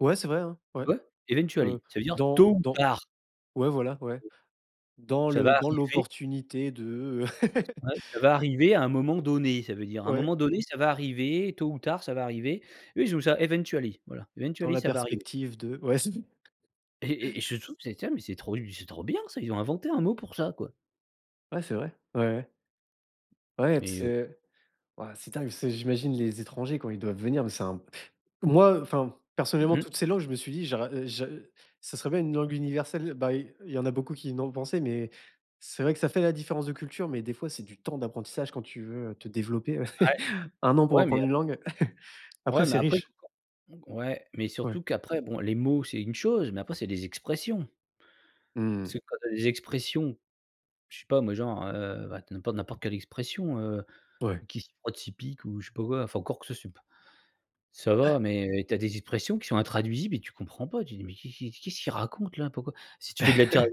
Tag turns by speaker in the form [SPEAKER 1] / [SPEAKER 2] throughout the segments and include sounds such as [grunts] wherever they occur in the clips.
[SPEAKER 1] Ouais c'est vrai hein, ouais.
[SPEAKER 2] Ouais,
[SPEAKER 1] Heu,
[SPEAKER 2] eventually ça veut dire
[SPEAKER 1] dans
[SPEAKER 2] tôt ou
[SPEAKER 1] dans
[SPEAKER 2] tard!
[SPEAKER 1] ouais voila ouais dans
[SPEAKER 2] Ça va
[SPEAKER 1] le dans
[SPEAKER 2] arriver.
[SPEAKER 1] l'opportunité de, heu [laughs]
[SPEAKER 2] Ouais ça va arriver à un moment donné ça veut dire à un
[SPEAKER 1] Ouais.
[SPEAKER 2] moment donné ça va arriver tôt ou tard ça va arriver. Oui je trouve ça, eventually voilà.
[SPEAKER 1] Dans
[SPEAKER 2] Eventually
[SPEAKER 1] la
[SPEAKER 2] ça va arriver
[SPEAKER 1] perspective de ouais c'est ça.
[SPEAKER 2] Et et et je trouve que c'est terrible, mais c'est trop u c'est trop bien ça, ont inventé un mot pour ça, quoi!
[SPEAKER 1] Ouais, c'est vrai, ouais, ouais. Ouais t
[SPEAKER 2] Mais heu
[SPEAKER 1] c'est ouais c'est dingue parce que j'imagine les étrangers quand ils doivent venir mais c'est un moi, heu, enfin personnellement,
[SPEAKER 2] Mmh mh.
[SPEAKER 1] toutes ces langues, je me suis dit: «J'are heu, j'a heu, ça serait bien une langue universelle», heu, bah i il y en a beaucoup qui n'ont pensé, mais heu, c'est vrai que ça fait la différence de culture, mais des fois, c'est du temps d'apprentissage quand tu veux, heu, te développer ouais
[SPEAKER 2] Ouais,
[SPEAKER 1] [chuckles] 1 an pour
[SPEAKER 2] ouais, mais
[SPEAKER 1] apprendre
[SPEAKER 2] a
[SPEAKER 1] une langue! [chuckles] Après
[SPEAKER 2] ouais mais
[SPEAKER 1] c'est
[SPEAKER 2] après
[SPEAKER 1] riche
[SPEAKER 2] [unintelligible] ouais, mais surtout
[SPEAKER 1] Ouais.
[SPEAKER 2] qu'après bon les mots c'est une chose mais après c'est les expressions
[SPEAKER 1] Mmh
[SPEAKER 2] parce
[SPEAKER 1] mh.
[SPEAKER 2] que quand tu as des expressions, je sais pas moi genre, heu, bah tu as n'impo n'importe quelle expression, heu,
[SPEAKER 1] Ouais.
[SPEAKER 2] qui s'y frotte s'y pique ou je sais pas quoi, enfin encore que c'est p ça
[SPEAKER 1] Ouais.
[SPEAKER 2] va mais tu as des expressions qui sont intraduisibles et tu comprends pas. Tu dis: «Mais qu'est qu'est qu'est-ce qu'ils racontent là, pourquoi». Si tu fais de la terr
[SPEAKER 1] [chuckles]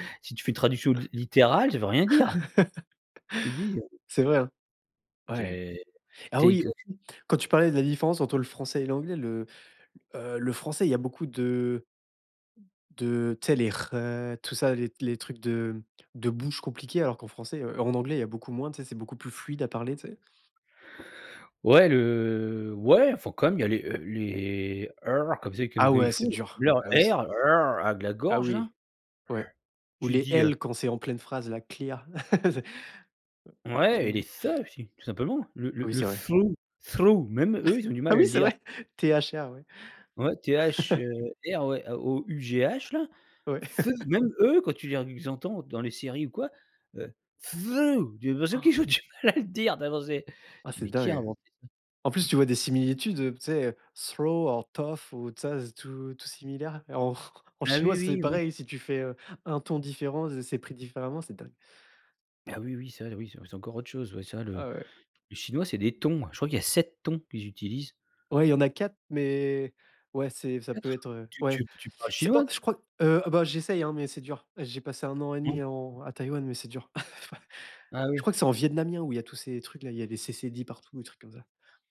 [SPEAKER 2] [chuckles] si tu fais une traduction lit
[SPEAKER 1] [chuckles]
[SPEAKER 2] littérale ça veut rien dire. Tu dis, heu
[SPEAKER 1] C'est vrai, hein.
[SPEAKER 2] Tu
[SPEAKER 1] Ouais!
[SPEAKER 2] es
[SPEAKER 1] Ah
[SPEAKER 2] tu es que
[SPEAKER 1] oui,
[SPEAKER 2] que
[SPEAKER 1] aussi quand tu parlais de la différence entre le français et l'anglais, le, heu, le français, y a beaucoup de de tu sais les «re», tout ça, les les trucs de de bouche compliquée, alors qu'en français heu, en anglais, il y a beaucoup moins, tu sais, c'est beaucoup plus fluide à parler, tu sais?
[SPEAKER 2] Ouais, le ouais, enfin quand même il y a les, heu, les comme ça
[SPEAKER 1] Ah
[SPEAKER 2] comme comme ils
[SPEAKER 1] ouais
[SPEAKER 2] font,
[SPEAKER 1] c'est
[SPEAKER 2] même
[SPEAKER 1] dur.
[SPEAKER 2] leur
[SPEAKER 1] Ah oui, c'est
[SPEAKER 2] R a de la
[SPEAKER 1] Ah
[SPEAKER 2] gorge la.
[SPEAKER 1] oui, ouais,
[SPEAKER 2] [grunts]
[SPEAKER 1] ou
[SPEAKER 2] tu
[SPEAKER 1] les
[SPEAKER 2] dis, heu
[SPEAKER 1] «L» quand c'est en pleine phrase, la clear. [laughs] Tu
[SPEAKER 2] Ouais et
[SPEAKER 1] me
[SPEAKER 2] les «the» aussi tout simplement! Le le
[SPEAKER 1] Oui
[SPEAKER 2] le
[SPEAKER 1] c'est vrai.
[SPEAKER 2] through through même eux ils
[SPEAKER 1] [chuckles]
[SPEAKER 2] ont du mal
[SPEAKER 1] Ah
[SPEAKER 2] à
[SPEAKER 1] oui
[SPEAKER 2] le
[SPEAKER 1] c'est
[SPEAKER 2] dire.
[SPEAKER 1] vrai, T-H-R ouais!
[SPEAKER 2] Ouais, T-H,
[SPEAKER 1] [chuckles]
[SPEAKER 2] heu, R ouais A-O-U-G-H là,
[SPEAKER 1] Ouais.
[SPEAKER 2] the
[SPEAKER 1] [chuckles]
[SPEAKER 2] même eux quand tu viens les entends dans les séries ou quoi, heu, the j'ai l'impression
[SPEAKER 1] [gasps]
[SPEAKER 2] qu'ils ont du mal a le dire enfin bon c'est
[SPEAKER 1] Ouais
[SPEAKER 2] tu dis:
[SPEAKER 1] c'est
[SPEAKER 2] «Mais qui a
[SPEAKER 1] dingue!
[SPEAKER 2] inventé
[SPEAKER 1] En
[SPEAKER 2] ça?»
[SPEAKER 1] plus tu vois des similitudes, heu, tu sais, through or though ou tous ça tout tout similaire et en [chuckles] en
[SPEAKER 2] Ah
[SPEAKER 1] chinois,
[SPEAKER 2] oui,
[SPEAKER 1] c'est
[SPEAKER 2] oui, oui.
[SPEAKER 1] pareil, si tu fais, heu, un ton différent, heu, c'est pris différemment, c'est dingue!
[SPEAKER 2] Ah oui, oui, ça oui c'est c'est encore autre chose ouais, ça le
[SPEAKER 1] Ah ouais.
[SPEAKER 2] le chinois c'est des tons, je crois qu'il y a 7 tons qu'ils utilisent.
[SPEAKER 1] Ouais, il y en a 4, mais ouais, c'est ça peut
[SPEAKER 2] 4
[SPEAKER 1] être, heu,
[SPEAKER 2] tu
[SPEAKER 1] ouais,
[SPEAKER 2] tu p tu parles
[SPEAKER 1] c'est pas
[SPEAKER 2] chinois?
[SPEAKER 1] je crois, heu, bah j'essaye hein, mais c'est dur. J'ai passé 1 an et
[SPEAKER 2] Mmh.
[SPEAKER 1] 1/2 en à Taïwan, mais c'est dur. [laughs]
[SPEAKER 2] Ah
[SPEAKER 1] Je
[SPEAKER 2] oui.
[SPEAKER 1] crois que c'est en Vietnamien où il y tous ces trucs-là, il y a des Ç partout, des trucs comme ça.